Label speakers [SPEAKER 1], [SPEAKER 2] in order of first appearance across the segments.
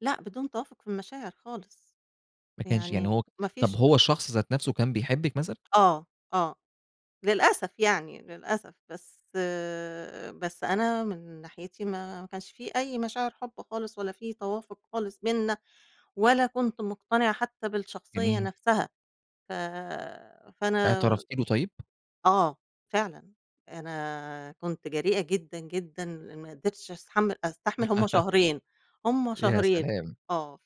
[SPEAKER 1] لأ بدون توافق في المشاعر خالص،
[SPEAKER 2] ما كانش يعني
[SPEAKER 1] يعني
[SPEAKER 2] هو
[SPEAKER 1] ما
[SPEAKER 2] طب
[SPEAKER 1] فيش
[SPEAKER 2] هو الشخص ذات نفسه كان بيحبك مثلًا؟
[SPEAKER 1] آه آه للأسف يعني للأسف بس بس أنا من ناحيتي ما ما كانش في أي مشاعر حب خالص، ولا في توافق خالص بيننا، ولا كُنت مقتنعة حتّى بالشخصيّة
[SPEAKER 2] جميل.
[SPEAKER 1] نفسها، ف فأنا
[SPEAKER 2] اعترفتِ له طيب؟
[SPEAKER 1] آه، فعلًا. أنا كنت جريئة جدًا جدًا ل ما قدرتش أستحمّل أستحمل هُم شهرين هُم
[SPEAKER 2] يا
[SPEAKER 1] شهرين
[SPEAKER 2] سلام!
[SPEAKER 1] آه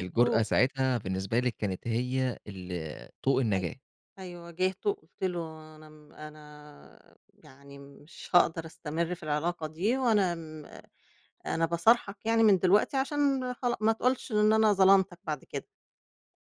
[SPEAKER 2] الجرأة ساعتها بالنسبة لِك كانت هي ال طوق
[SPEAKER 1] أيوه،
[SPEAKER 2] النجاة.
[SPEAKER 1] أيوه واجهته قُلت له أنا م أنا يعني مش هاقدر أستمر في العلاقة دي وأنا م أنا باصارحك يعني من دلوقتي عشان خلا ما تقولش إن أنا ظلمتك بعد كده.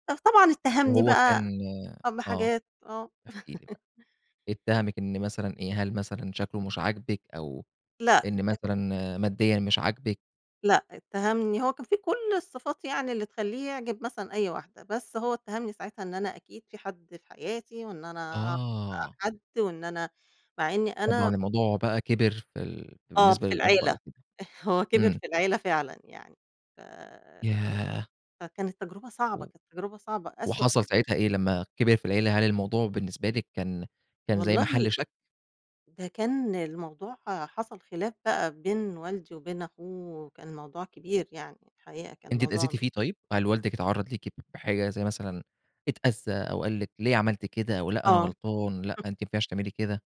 [SPEAKER 1] فطبعًا اتّهمني
[SPEAKER 2] وهو
[SPEAKER 1] بقى
[SPEAKER 2] كان
[SPEAKER 1] أ
[SPEAKER 2] آه
[SPEAKER 1] بحاجات آه.
[SPEAKER 2] احكِ لي بقى،
[SPEAKER 1] [unintelligible]
[SPEAKER 2] اتّهمِك إن مثلًا إيه، هل مثلًا شكله مش عاجبِك أو
[SPEAKER 1] لأ
[SPEAKER 2] إن
[SPEAKER 1] [unintelligible]
[SPEAKER 2] مثلًا ماديًا مش عاجبِك؟
[SPEAKER 1] لا اتّهمني هو كان فيه كل الصفات يعني اللي تخلّيه يعجب مثلًا أي واحدة، بس هو اتّهمني ساعتها إن أنا أكيد في حد في حياتي، وإن أنا أعرف بقى
[SPEAKER 2] آه.
[SPEAKER 1] حد وإن أنا مع إنّي
[SPEAKER 2] طبعًا
[SPEAKER 1] أنا
[SPEAKER 2] الموضوع بقى كِبر في ال
[SPEAKER 1] آه
[SPEAKER 2] بالنسبة
[SPEAKER 1] في
[SPEAKER 2] للأب
[SPEAKER 1] العيلة،
[SPEAKER 2] أو كده.
[SPEAKER 1] هو كِبِر
[SPEAKER 2] إمم.
[SPEAKER 1] في العيلة فعلًا يعني ف
[SPEAKER 2] ياه!
[SPEAKER 1] فكانت تجربة صعبة،
[SPEAKER 2] و
[SPEAKER 1] كانت تجربة صعبة أسوأ
[SPEAKER 2] وحصل
[SPEAKER 1] تجربة.
[SPEAKER 2] ساعتها إيه لمّا كِبِر في العيلة هل الموضوع بالنسبة لِك كان كان زي محل
[SPEAKER 1] والله
[SPEAKER 2] شك؟
[SPEAKER 1] ده كان الموضوع حصل خلاف بقى بين والدي وبين أخوه، كان موضوع كبير يعني الحقيقة كان
[SPEAKER 2] أنتِ
[SPEAKER 1] موضوع
[SPEAKER 2] اتأذيتِ
[SPEAKER 1] م
[SPEAKER 2] فيه طيب؟ هل والدِك اتعَرّض ليكِ بحاجة زي مثلًا اتأذّى أو قال لِك ليه عملتِ كده أو لأ أنا
[SPEAKER 1] آه.
[SPEAKER 2] غلطان لأ أنتِ ما ينفعش تعملي كده؟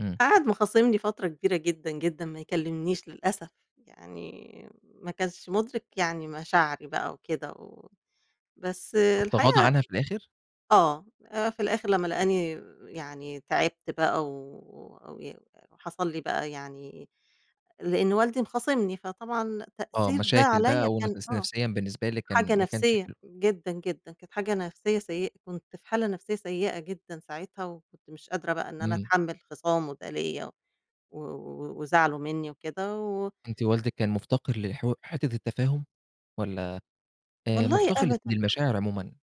[SPEAKER 2] إمم.
[SPEAKER 1] قَعَد مخاصمني فترة كبيرة جدًا جدًا ما يكلمنيش للأسف، يعني ما كانش مُدرك يعني مشاعري بقى وكده و بس
[SPEAKER 2] طب تغاضى
[SPEAKER 1] الحقيقة
[SPEAKER 2] عنها في الآخر؟
[SPEAKER 1] آه آآ في الآخر لمّا لقاني يعني تعبت بقى و و حصل لي بقى يعني لأنّه والدي مخاصمني فطبعًا
[SPEAKER 2] آه
[SPEAKER 1] تأثير ده
[SPEAKER 2] مشاكل
[SPEAKER 1] عليَّ
[SPEAKER 2] بقى وإن
[SPEAKER 1] كان
[SPEAKER 2] ت [unintelligible]
[SPEAKER 1] آه
[SPEAKER 2] نفسيًا بالنسبة لِك
[SPEAKER 1] حاجة
[SPEAKER 2] كان ما كانش
[SPEAKER 1] نفسيّة
[SPEAKER 2] حل
[SPEAKER 1] جدًا جدًا كانت حاجة نفسيّة سيئة كنت في حالة نفسيّة سيئة جدًا ساعتها، وكنت مش قادرة بقى إن أنا
[SPEAKER 2] إمم.
[SPEAKER 1] أتحمّل خصامه ده ليَّ و وزعله منّي وكده و
[SPEAKER 2] أنت والدِك كان مُفتقر للحوا حِتّة التفاهم والّا آآ
[SPEAKER 1] والله
[SPEAKER 2] مُفتقر للت
[SPEAKER 1] أبدًا.
[SPEAKER 2] للمشاعر عمومًا؟